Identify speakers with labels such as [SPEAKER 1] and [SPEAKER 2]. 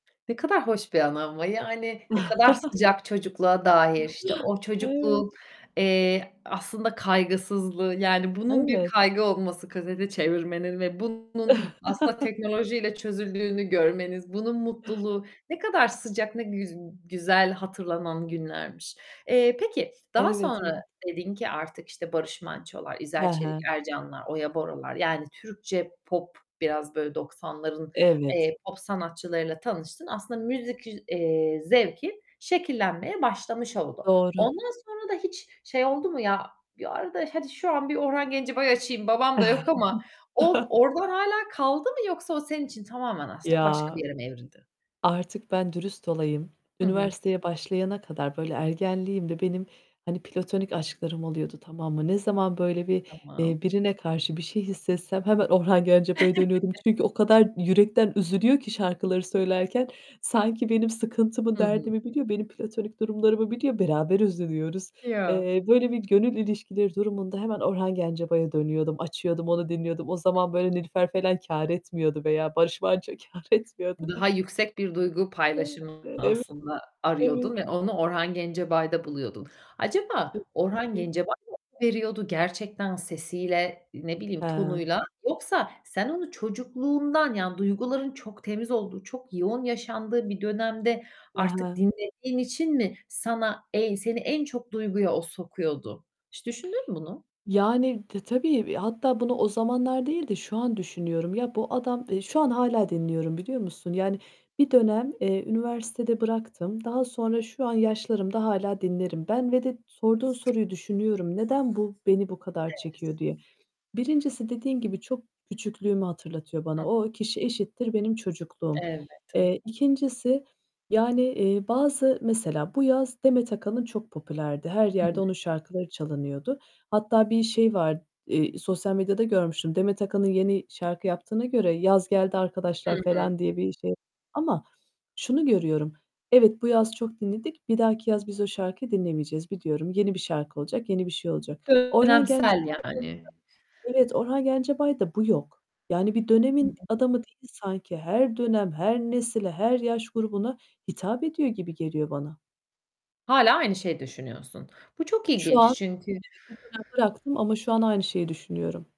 [SPEAKER 1] Ne kadar hoş bir anı ama yani, ne kadar sıcak çocukluğa dair. İşte, o
[SPEAKER 2] Evet.
[SPEAKER 1] çocukluğun, eee, aslında kaygısızlığı, yani bunun bir
[SPEAKER 2] Evet.
[SPEAKER 1] kaygı olması, kaseti çevirmenin ve bunun aslında teknolojiyle çözüldüğünü görmeniz, bunun mutluluğu, ne kadar sıcak, ne güz güzel hatırlanan günlermiş. Eee, peki, daha
[SPEAKER 2] Evet,
[SPEAKER 1] sonra
[SPEAKER 2] evet.
[SPEAKER 1] dedin ki artık işte Barış Mançolar,
[SPEAKER 2] He
[SPEAKER 1] İzel Çelik
[SPEAKER 2] he.
[SPEAKER 1] Ercanlar, Oya Boralar, yani Türkçe pop, biraz böyle 90'ların,
[SPEAKER 2] Evet.
[SPEAKER 1] eee, pop sanatçılarıyla tanıştın. Aslında müzik, üz eee, zevki şekillenmeye başlamış oldu.
[SPEAKER 2] Doğru.
[SPEAKER 1] Ondan sonra da hiç şey oldu mu ya? Bir ara da "Hadi şu an bir Orhan Gencebay açayım, babam da yok ama." o oradan hâlâ kaldı mı yoksa o senin için tamamen artık başka bir
[SPEAKER 2] Ya!
[SPEAKER 1] yere mi evrildi?
[SPEAKER 2] Artık ben dürüst olayım.
[SPEAKER 1] Hı hı.
[SPEAKER 2] Üniversiteye başlayana kadar, böyle, ergenliğimde benim hani platonik aşklarım oluyordu, tamam mı? Ne zaman böyle bir,
[SPEAKER 1] Tamam.
[SPEAKER 2] eee, birine karşı bir şey hissetsem hemen Orhan Gencebay'a dönüyordum. Çünkü o kadar yürekten üzülüyor ki şarkıları söylerken sanki benim sıkıntımı,
[SPEAKER 1] Hı hı.
[SPEAKER 2] derdimi biliyor, benim platonik durumlarımı biliyor. Beraber üzülüyoruz.
[SPEAKER 1] Yo.
[SPEAKER 2] Eee, böyle bir gönül ilişkileri durumunda hemen Orhan Gencebay'a dönüyordum. Açıyordum, onu dinliyordum. O zaman böyle
[SPEAKER 1] [unintelligible]
[SPEAKER 2] Nilüfer falan kâr etmiyordu veya Barış Manço kâr etmiyordu.
[SPEAKER 1] Daha yüksek bir duygu
[SPEAKER 2] E
[SPEAKER 1] paylaşımını
[SPEAKER 2] ev
[SPEAKER 1] aslında arıyordun
[SPEAKER 2] evet.
[SPEAKER 1] ve onu Orhan Gencebay'da buluyordun. Acaba Orhan
[SPEAKER 2] [unintelligible]
[SPEAKER 1] Gencebay mı veriyordu gerçekten sesiyle, ne bileyim,
[SPEAKER 2] He.
[SPEAKER 1] tonuyla yoksa sen onu çocukluğundan, yani duyguların çok temiz olduğu, çok yoğun yaşandığı bir dönemde artık
[SPEAKER 2] [unintelligible]
[SPEAKER 1] dinlediğin için mi sana ey seni en çok duyguya o sokuyordu? Hiç düşündün mü bunu?
[SPEAKER 2] Yani, t tabii. Eee, hatta bunu o zamanlar değil de şu an düşünüyorum. Ya bu adam Eee, şu an hâlâ dinliyorum, biliyor musun? Yani, bir dönem, eee, üniversitede bıraktım. Daha sonra şu an yaşlarımda hâlâ dinlerim. Ben ve de sorduğun soruyu düşünüyorum. "Neden bu beni bu kadar
[SPEAKER 1] Evet.
[SPEAKER 2] çekiyor?" diye. 1'ncisi dediğin gibi çok küçüklüğümü hatırlatıyor
[SPEAKER 1] Hı
[SPEAKER 2] bana.
[SPEAKER 1] hı.
[SPEAKER 2] O kişi eşittir benim çocukluğum.
[SPEAKER 1] Elbette.
[SPEAKER 2] Eee, 2'ncisi yani, eee, bazı mesela bu yaz Demet Akalın çok popülerdi. Her
[SPEAKER 1] I hı.
[SPEAKER 2] yerde onun şarkıları çalınıyordu. Hatta bir şey var, eee, sosyal medyada görmüştüm. Demet Akalın yeni şarkı yaptığına göre yaz geldi
[SPEAKER 1] Hı
[SPEAKER 2] arkadaşlar
[SPEAKER 1] hı.
[SPEAKER 2] falan diye bir şey ama şunu görüyorum: Evet, bu yaz çok dinledik; bir dahaki yaz biz o şarkıyı dinlemeyeceğiz, biliyorum. Yeni bir şarkı olacak, yeni bir şey olacak. Orhan Gencebay
[SPEAKER 1] Dönemsel yani.
[SPEAKER 2] [unintelligible] Evet, Orhan Gencebay'da bu yok. Yani bir dönemin
[SPEAKER 1] [unintelligible]
[SPEAKER 2] adamı değil sanki. Her dönem, her nesile, her yaş grubuna hitap ediyor gibi geliyor bana.
[SPEAKER 1] Hâlâ aynı şeyi düşünüyorsun. Bu çok
[SPEAKER 2] Şu
[SPEAKER 1] ilginç,
[SPEAKER 2] an
[SPEAKER 1] çünkü
[SPEAKER 2] evet, bir dönem bıraktım ama şu an aynı şeyi düşünüyorum.